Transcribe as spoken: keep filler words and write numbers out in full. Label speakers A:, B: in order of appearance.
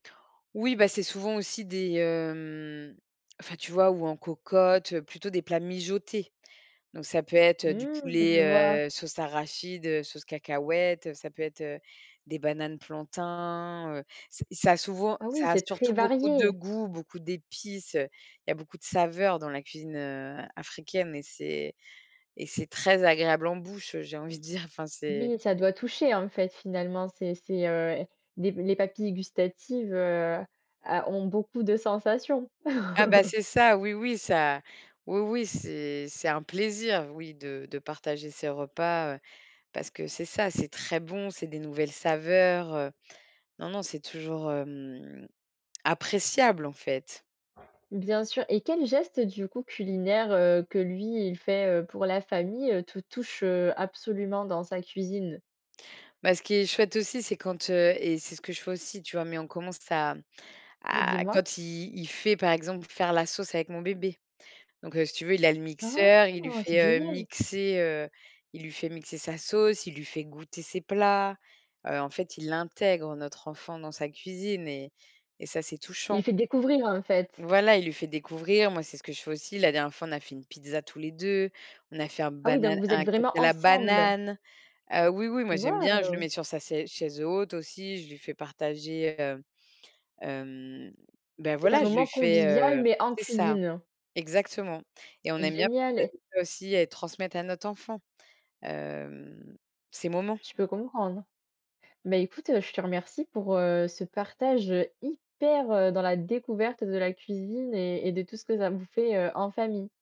A: Oui, ben, c'est souvent aussi des, hem, enfin, tu vois? Ou en cocotte, heu, plutôt des plats mijotés. Donc ça peut être, heu, du
B: Mmh, je vois.
A: poulet, heu, sauce arachide, heu, sauce cacahuète, heu, ça peut être, heu, des bananes plantains. Heu, c'est ça a souvent
B: Ah oui,
A: ça a
B: c'est très
A: surtout beaucoup de
B: varié.
A: goût, beaucoup d'épices. Il y a beaucoup de saveurs dans la cuisine, heu, a africaine mais c'est et c'est très agréable en bouche, heu, j'ai envie de dire, enfin, c'est
B: Oui, ça doit toucher en fait finalement, c'est c'est, heu, les les papilles gustatives, heu, a ont beaucoup de sensations.
A: Ah bah, c'est ça, oui, oui, ça oui, oui, c'est c'est un plaisir, oui, de de partager ses repas, heu, parce que c'est ça, c'est très bon c'est des nouvelles saveurs, heu, non non c'est toujours, hem, appréciable, en fait.
B: Bien sûr. Et quel geste du coup, culinaire, heu, que lui il fait, heu, pour la famille, heu, te touche, heu, absolument dans sa cuisine?
A: Ben, ce qui est chouette aussi, c'est quand, heu, et c'est ce que je fais aussi, tu vois? Mais on commence à
B: Oui,
A: à
B: dis-moi.
A: quand il il fait par exemple pour faire la sauce avec mon bébé. Donc, heu, si tu veux il a le mixeur, il lui
B: Oh! C'est
A: fait, heu,
B: génial!
A: mixer, heu, il lui fait mixer sa sauce, il lui fait goûter ses plats. Heu, en fait il intègre notre enfant dans sa cuisine et et ça c'est
B: Il
A: touchant.
B: fait découvrir, en fait?
A: Voilà, il lui fait découvrir. Moi, c'est ce que je fais aussi. La dernière fois, on a fait une pizza tous les deux, on a fait un
B: Ah oui, donc
A: banana
B: vous êtes
A: un cake
B: vraiment,
A: à la
B: ensemble?
A: banane. Heu, oui, oui, moi, j'aime bien, je le
B: Waouh!
A: mets sur sa sai chaise haute aussi, je lui fais partager, heu, hem, ben
B: C'est un
A: voilà, je
B: moment
A: lui fais,
B: convivial
A: heu
B: mais en
A: c'est ça,
B: cuisine.
A: exactement. Et on
B: C'est
A: aime bien
B: génial et
A: [unintelligible] aussi et transmettre à notre enfant, hem, ces moments.
B: Je peux comprendre. Ben, écoute, heu, je te remercie pour, heu, ce partage, heu, hyper, heu, dans la découverte de la cuisine et et de tout ce que ça vous fait, heu, en famille.